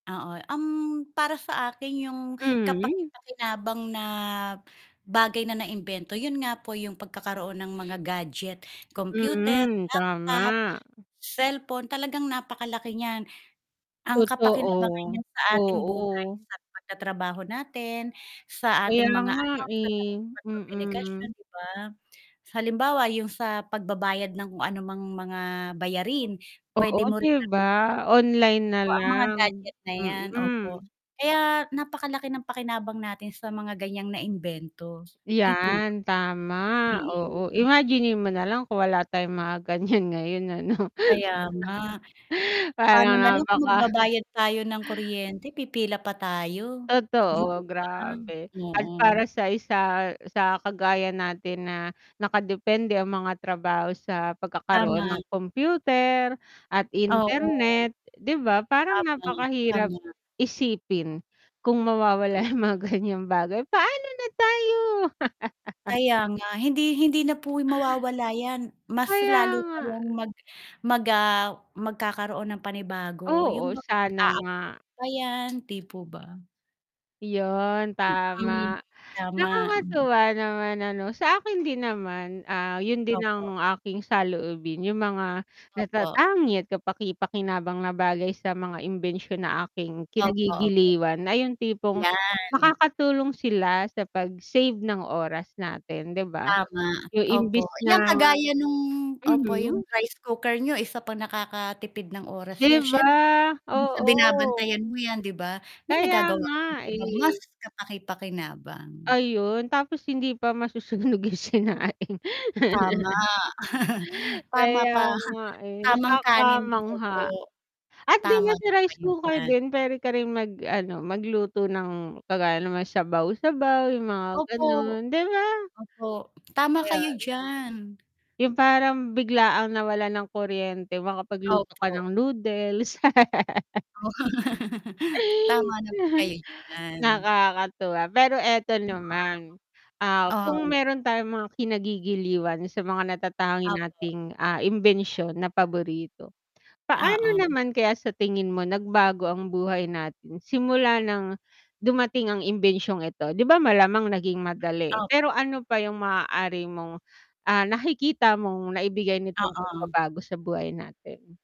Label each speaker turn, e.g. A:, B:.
A: Oo, um, para sa akin 'yong
B: Mhm.
A: kapaki-pakinabang na bagay na na-imbento yun nga po, 'yong pagkakaroon ng mga gadget, computer,
B: Mhm,
A: laptop,
B: tama.
A: cellphone, talagang napaka-laki n'yan. Ang kapakinabangan
B: Totoo.
A: n'yan sa ating buhay
B: Oo.
A: sa pag-ta-trabaho natin, sa
B: Kaya
A: ating mga
B: nga,
A: anak, sa
B: eh,
A: pakikipag-komukasyon,
B: mm.
A: 'di ba? Halimbawa yung sa pagbabayad ng anumang mga bayarin,
B: Oo,
A: pwede mo
B: 'di
A: rin
B: ba?
A: gamitin
B: Online na
A: ng o, ang mga
B: lang.
A: gadget na 'yan. Opo.
B: Mm.
A: Kaya napaka-laki ng pakinabang natin sa mga gan'yang na-imbento, 'di po ba?
B: 'Yan, tama, oo,
A: Mm.
B: imaginin mo nalang kung wala tayong mga gan'yan ngayon ano.
A: Kaya nga. Paano na
B: Parang
A: lang kung
B: napaka
A: magbabayad tayo ng kuryente, pipila pa tayo. 'Di po
B: Totoo,
A: ba?
B: grabe, at
A: Oo.
B: para sa isa, sa kagaya natin na nakadepende ang mga trabaho sa pagkakaroon
A: Tama.
B: ng kompyuter at
A: Oo.
B: internet, 'di ba? Parang
A: Tama,
B: napakahirap
A: tama.
B: isipin kung mawawala
A: Mm.
B: yung mga gan'yang bagay, paano na tayo?
A: Kaya nga, hindi hindi na po mawawala 'yan, mas
B: Kaya
A: lalo pa
B: nga.
A: yang mag mag, ah, magkakaroon ng panibago yung
B: Oo,
A: bang
B: sana nga.
A: mag-a-update pa 'yan, 'di po ba?
B: Yun
A: Mm.
B: tama.
A: Tama, mm.
B: Nakakatuwa naman ano sa akin din naman, ah, yun din
A: Opo.
B: ang aking saloobin, yung mga
A: Opo.
B: natatangi at kapaki-pakinabang na bagay sa mga imbensyon na aking
A: Opo, opo.
B: kinagigiliwan ay yung tipong
A: 'Yan.
B: makakatulong sila sa pag-save ng oras natin, 'di ba?
A: Tama,
B: Yung imbis
A: opo, 'yan
B: na
A: kagaya nung opo
B: mhm.
A: yung rice cooker niyo isa pang nakakatipid ng oras
B: 'Di
A: 'yan siyempre,
B: ba?
A: imbes na
B: Oo.
A: binabantayan mo 'yan, 'di ba? May
B: Kaya
A: nagagawa kang
B: nga,
A: ibang mas
B: eh.
A: kapaki-pakinabang.
B: Ayun tapos hindi pa masusunog yung sinaing.
A: Tama. Tama
B: Kaya
A: ka,
B: nga, eh,
A: tamang kanin, opo.
B: nakakamangha. At din
A: Tama
B: yun si
A: po
B: rice
A: kayo
B: cooker
A: diyan.
B: din pwede ka ring mag-ano magluto ng kagaya nang mga sabaw-sabaw yung mga
A: Opo.
B: ganun, 'di ba?
A: Opo, tama
B: Ayan.
A: kayo diyan.
B: Yung parang biglaang nawalan ng kuryente makapagluto ka
A: Opo.
B: ng noodles.
A: Oh. Tama naman kayo diyan.
B: Nakakatuwa, pero eto
A: Mm.
B: naman, ah, kung
A: Oo.
B: meron tayong mga kinagigiliwan sa mga natatangi
A: Opo.
B: nating, ah, imbensyon na paborito. Paano
A: Oo.
B: naman kaya sa tingin mo nagbago ang buhay natin simula nang dumating ang imbensyong ito? 'Di ba, malamang naging madali, pero
A: Opo.
B: ano pa yung maaari mong, ah, nakikita mong naibigay nitong
A: Oo.
B: pagpabago sa buhay natin?